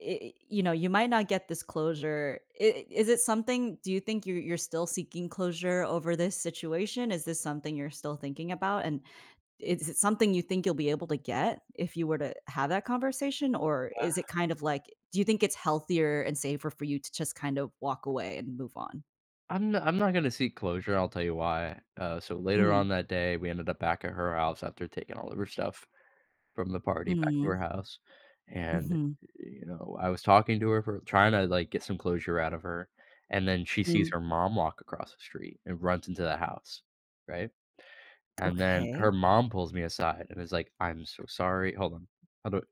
Eh eh, you know, you might not get this closure. I is it something; do you think you you're still seeking closure over this situation? Is this something you're still thinking about? And is is it something you think you'll be able to get if you were to have that conversation? Or Ah. is it kind of like, do you think it's healthier and safer for you to just kind of walk away and move on? I'm not I'm not gonna see closure. I'll tell you why. Uh, so later Mm. on that day, we ended up back at her house after taking all of her stuff from the party back to Mm. her house, and, Mhm. y you know, I was talking to her for tryna like, get some closure out of her, and then she sees Mm. her mom walk across the street and runs into the house. Right? And then Okay. her mom pulls me aside and is like, "I'm so sorry" Hold on. Hold o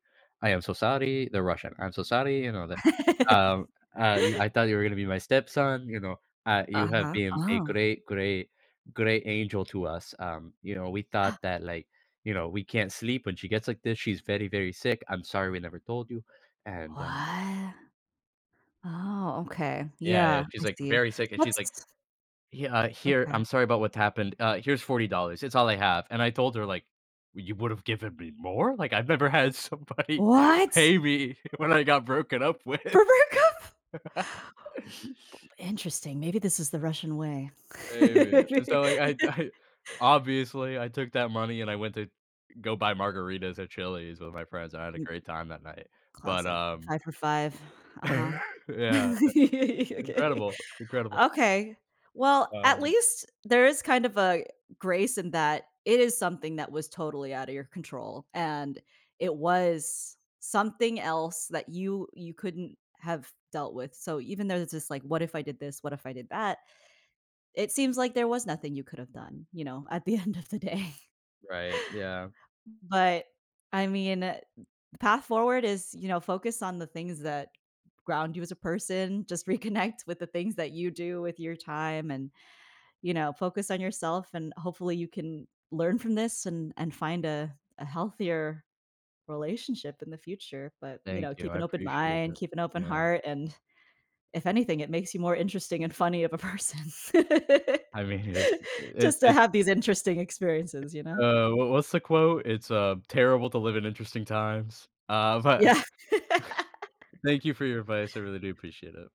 "I am so sorry."- They're Russian.- "I'm so sorry." You know that Um, uh, "You I thought you were gonna be my stepson," you know, uh, "you have Uh-huh, been a oh. great, great great angel to us." Um, you know, "we thought that like" you know, "we can't sleep when she gets like this. She's very, very sick. I'm sorry we never told you." And, um What? Oh okay, Yeah, yeah. yeah, She's I like, see it. very sick and she's like Let's "Yeah, here, Okay. I'm sorry about what happened, uh, here's $40, dollars it's all I have." And I told her, like, "Well, you would've given me more." Like, I've never had somebody What?! pay me when I got broken up with. For breakup? P interesting. Maybe this is the Russian way. Maybe. And so like, I d I obviously, I took that money and I went to go buy margaritas at Chili's with my friends. I had a M great time that night. But, Classic. um 5 for 5. Uh-huh. Yeah, th Okay. Incredible, incredible. Okay. Well, at Um least there is kind of a grace in that it is something that was totally out of your control and, it was something else that you you couldn't have dealt with. So even though this is like, "What if I did this? What if I did that?" It seems like there was nothing you could've done, you know, at the end of the day. Right, yeah. But, I mean, uh, path forward is, you know, focus on the things that ground you as a person, just reconnect with the things that you do with your time and, you know, focus on yourself, and hopefully you can learn from this, and and find a a healthier relationship in the future, but, you Thank know you, keep I an open appreciate mind, it. keep an open Yeah. heart, and, if anything that makes you more interesting and funny of a person I mean, it's eh, it just to it have these interesting experiences, you know? Uh, w what's the quote? It's a "Terrible to live in interesting times." Uh, but Yeah. thank you for your advice, I really do appreciate it.